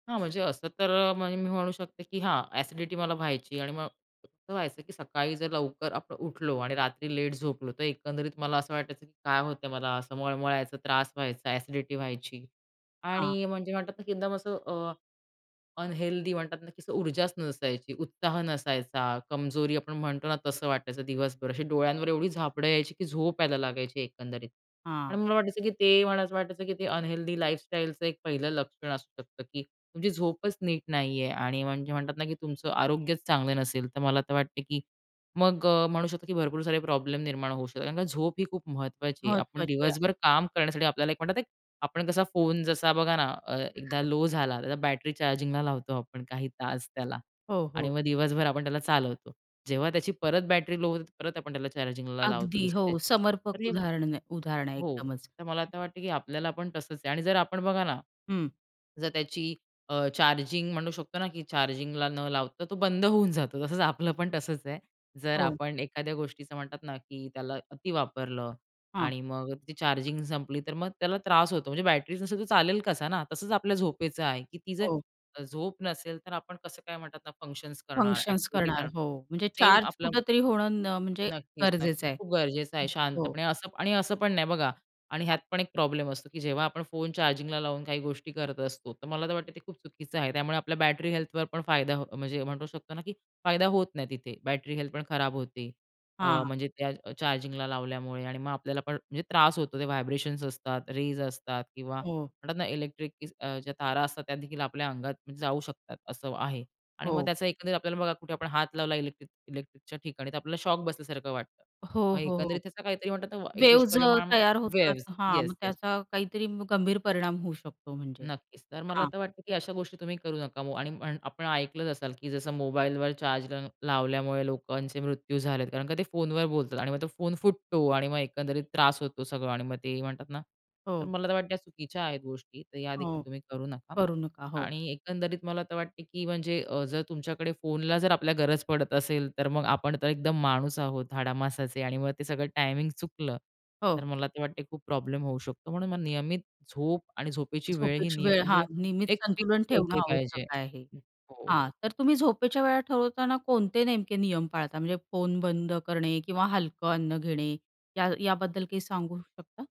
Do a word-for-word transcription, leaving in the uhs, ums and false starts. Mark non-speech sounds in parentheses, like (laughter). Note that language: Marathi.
हां, म्हणजे असं तर मग मी म्हणू शकते, की हां, अ‍ॅसिडिटी मला व्हायची आणि मग असं व्हायचं, की सकाळी जर लवकर आपण उठलो आणि रात्री लेट झोपलो, तर एकंदरीत मला असं वाटायचं, की काय होतंय मला. असं मळमळायचं, त्रास व्हायचा, अ‍ॅसिडिटी व्हायची, हां. आणि म्हणजे म्हणतात ना, की एकदम असं अ, अनहेल्दी म्हणतात ना, की असं ऊर्जाच नसायची, उत्साह नसायचा, कमजोरी आपण म्हणतो ना, तसं वाटायचं दिवसभर. अशी डोळ्यांवर एवढी झापडं यायची, की झोप यायला लागायची एकंदरीत. आणि हां. मला वाटायचं, की ते मला असं वाटायचं, की ते अनहेल्दी लाईफस्टाईलचं एक पहिलं लक्षण असू शकतं, की तुमची झोपच नीट नाही आहे आणि म्हणजे म्हणतात ना, की तुमचं आरोग्य चांगलं नसेल, तर मला तर वाटतं, की मग अ, म्हणू शकतो, की भरपूर सारे प्रॉब्लेम निर्माण होऊ शकतात कारण झोप ही खूप महत्त्वाची आहे. आपण महत्वाची आहे. दिवसभर काम करण्यासाठी आपल्याला एक म्हणतात, आपण कसा फोन जसा बघा ना, अ, एकदा लो झाला, तर बॅटरी चार्जिंगला लावतो आपण काही तास त्याला हो, आणि हो. मग दिवसभर आपण त्याला चालवतो. जेव्हा त्याची परत बॅटरी लो होते, परत आपण त्याला चार्जिंगला लावतो. अगदी, जशी हो. त्याची समर्पक तर हे उदाहरण उदाहरणं आहे हो, एकदमच. तर मला तर वाटतंय, की आपल्याला पण तसंच आहे आणि जर आपण बघा ना, हं. जर त्याची अ, चार्जिंग म्हणू शकतो ना, की चार्जिंगला न लावता तो बंद होऊन जातो. तसच आपलं पण तसंच आहे. जर हो. आपण एखाद्या गोष्टीचं म्हणतात ना, की त्याला अती वापरलं हां. आणि मग ती चार्जिंग संपली, तर मग त्याला त्रास होतो. म्हणजे बॅटरीच नसेल, तर चालेल कसा ना, तसंच आपल्या झोपेचं आहे, की ती जर हो. झोप नसेल, तर आपण कसं काय म्हणतात ना, फंक्शन्स करणार? फंक्शन्स अ‍ॅक्टिव्हिटी करणार. करणार. हो, म्हणजे सेम चार्ज आपलं कुठेतरी होणं न म्हणजे नक्कीच, नक्कीच. गरजेचं आहे. खूप गरजेचं आहे. हो. शांतपणे असं पण आणि असं पण नाही बघा आणि ह्यात हां. पण एक प्रॉब्लेम असतो, की जेव्हा आपण फोन चार्जिंगला लावून काही गोष्टी करत असतो, तर मला तर वाटतं ते खूप चुकीचं आहे. त्यामुळे आपल्या बॅटरी हेल्थवर पण फायदा, म्हणजे म्हणू शकतो ना, की फायदा होत नाही तिथे. बॅटरी हेल्थ पण खराब होते. अ, हां. म्हणजे त्या चार्जिंगला लावल्यामुळे आणि मग आपल्याला पण म्हणजे त्रास होतो. ते व्हायब्रेशन्स असतात, रेज असतात किंवा हो. म्हणतात ना, इलेक्ट्रिक (unintelligible) अ, ज्या तारा असतात, त्यादेखील आपल्या अंगात जाऊ शकतात असं आहे आणि मग हो. त्याचा एकंदरीत आपल्याला, बघा कुठे आपण हात लावला इलेक्ट्रिक इलेक्ट्रिकच्या ठिकाणी, तर आपल्याला शॉक बसल्यासारखं वाटतं. हो, मग हो, हो. एकंदरीत त्याचा काहीतरी म्हणतात ना, एक वेव्हज अ, दुष्परिणाम तयार होतात. वेव्हज हां, मग येस, येस. त्याचा काहीतरी मग गंभीर परिणाम होऊ शकतो. म्हणजे, नक्कीच, तर मला हां. तर वाटतं, की अशा गोष्टी तुम्ही करू नका. ओ आणि पण आपण ऐकलंच असाल, की जसं मोबाईलवर चार्जर लावल्यामुळे लोकांचे मृत्यू झालेत कारण का ते फोनवर बोलतात आणि मग तो फोन फुटतो आणि मग एकंदरीत त्रास होतो सगळं. आणि मग ते म्हणतात ना, तर हो. मला तर वाटतं चुकीच्या आहेत गोष्टी तर हो, यादेखील तुम्ही करू नका. करू नका. हो. आणि एकंदरीत मला तर वाटते, की म्हणजे अ, जर तुमच्याकडे फोनला जर आपल्या गरज पडत असेल, तर मग आपण तर एकदम माणूस आहोत हाडामासाचे आणि मग ते सगळं टायमिंग चुकलं, तर हो. मला तर वाटते खूप प्रॉब्लेम होऊ शकतो. म्हणून नियमित झोप आणि झोपेची वेळ, ही झोपेची निय वेळ हां, म्हणजे नियमित एक संतुलन फिक्स ठेवणं असली आवश्यक पाहिजे. आहे. हो, हो. हां. तर तुम्ही झोपेच्या वेळा ठरवताना कोणते नेमके नियम पाळता? म्हणजे फोन बंद करणे किंवा हलकं अन्न घेणे या याबद्दल काही सांगू शकता?